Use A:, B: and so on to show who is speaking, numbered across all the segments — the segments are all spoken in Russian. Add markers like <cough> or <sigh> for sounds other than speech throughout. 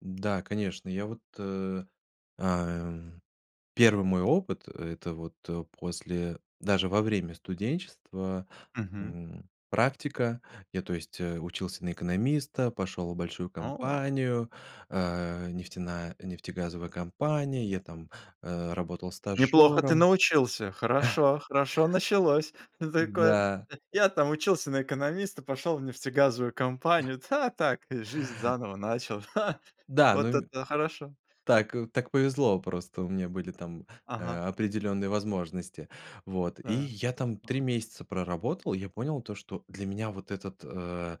A: Да, конечно. Я вот, э, эм, 1 мой опыт, это вот, э, после даже во время студенчества,
B: Мгм.
A: м, практика. Я то есть, э, учился на экономиста, пошел в большую
B: О!
A: компанию, а, нефтеная нефтегазовая компания, я там, э, работал
B: Неплохо ты
A: стажёром.
B: научился.
A: <chuckles>
B: Хорошо хорошо началось. Такой:
A: Да.
B: "Я там учился на экономиста, пошел в нефтегазовую
A: <chuckles>
B: компанию. Да, так, э, жизнь заново начал. Ха!"
A: Да, ну,
B: Вот
A: м
B: это хорошо!
A: Так так повезло, просто у меня были там,
B: Ага.
A: а, определённые возможности. Вот, и
B: Да.
A: я там 3
B: Так.
A: месяца проработал, и я понял, то что для меня вот этот, э,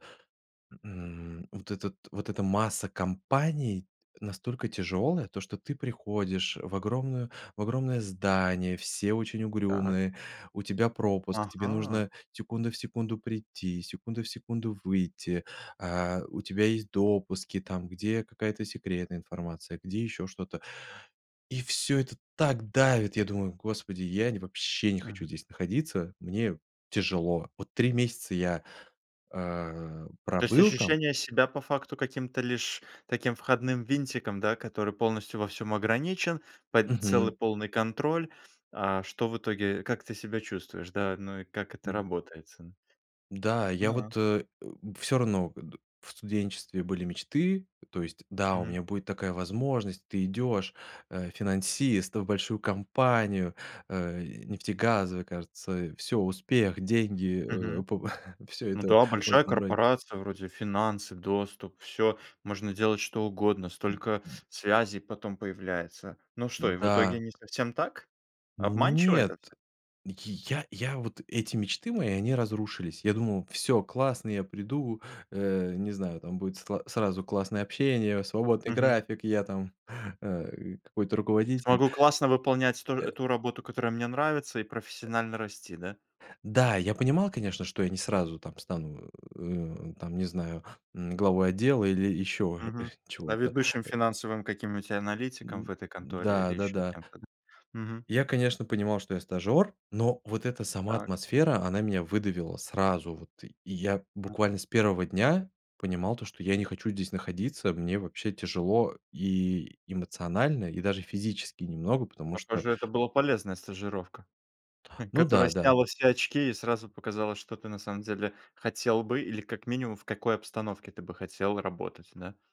A: м, вот этот вот эта масса компаний настолько тяжелая: то, что ты приходишь в огромную в огромное здание, все очень
B: Так.
A: угрюмые, у тебя пропуск, тебе
B: Ага.
A: нужно секунда в секунду прийти, секунда в секунду выйти, а, у тебя есть допуски, там, где какая-то секретная информация, где ещё что-то. И всё это так давит. Я думаю: "Господи, я не вообще, не хочу
B: Мгм.
A: здесь находиться. Мне тяжело". Вот 3 месяца я, а,
B: То есть,
A: пробыл там.
B: ощущение себя по факту, каким-то лишь таким входным винтиком, да, который полностью во всем ограничен, под целый
A: Мгм.
B: полный контроль. А что в итоге, как ты себя чувствуешь, да, ну и как это
A: М.
B: работается, н
A: Да, я
B: Ну.
A: вот, э, всё равно, <grunts> в студенчестве были мечты, то есть: "Да, у
B: Мгм.
A: меня будет такая возможность!" Ты идешь, э, финансист, э, в большую компанию, э, нефтегазовая, кажется, всё: успех, деньги, э,
B: Мгм.
A: по <chuckles> Всё
B: Ну
A: это
B: да,
A: в
B: большая
A: этом роде.
B: корпорация: вроде финансы, доступ, всё, можно делать что угодно, столько связей потом появляется. Ну что, и в итоге
A: Да.
B: не совсем так? Обманчиво это
A: Нет,
B: всё?
A: я я вот эти мечты мои, они разрушились. Я думал: "Всё классно, я приду, э, не знаю, там будет сла сразу классное общение, свободный
B: Мгм.
A: график, я там, э, какой-то руководитель".
B: Смогу классно выполнять ту
A: Э.
B: эту работу, которая мне нравится и профессионально расти, да.
A: Да, я понимал, конечно, что я не сразу там стану, э, там не знаю, м, главой отдела или ещё
B: Мгм.
A: <chuckles>
B: Да,
A: чего-то.
B: ведущим финансовым, каким-нибудь,
A: М
B: аналитиком
A: м.
B: в этой конторе или
A: Да, да,
B: еще
A: да.
B: кем-то, да. Мгм.
A: Я, конечно, понимал, что я- стажер, но вот эта сама
B: Так.
A: атмосфера, она меня выдавила, сразу вот. И я буквально
B: Мгм.
A: с 1 дня понимал то, что я не хочу здесь находиться. Мне вообще тяжело и эмоционально, и даже физически немного, потому что
B: Похоже, это была полезная стажировка, хм,
A: Ну
B: которая
A: да, да.
B: сняла все очки и сразу показала, что ты на самом деле хотел бы или как минимум в какой обстановке ты бы хотел работать, да?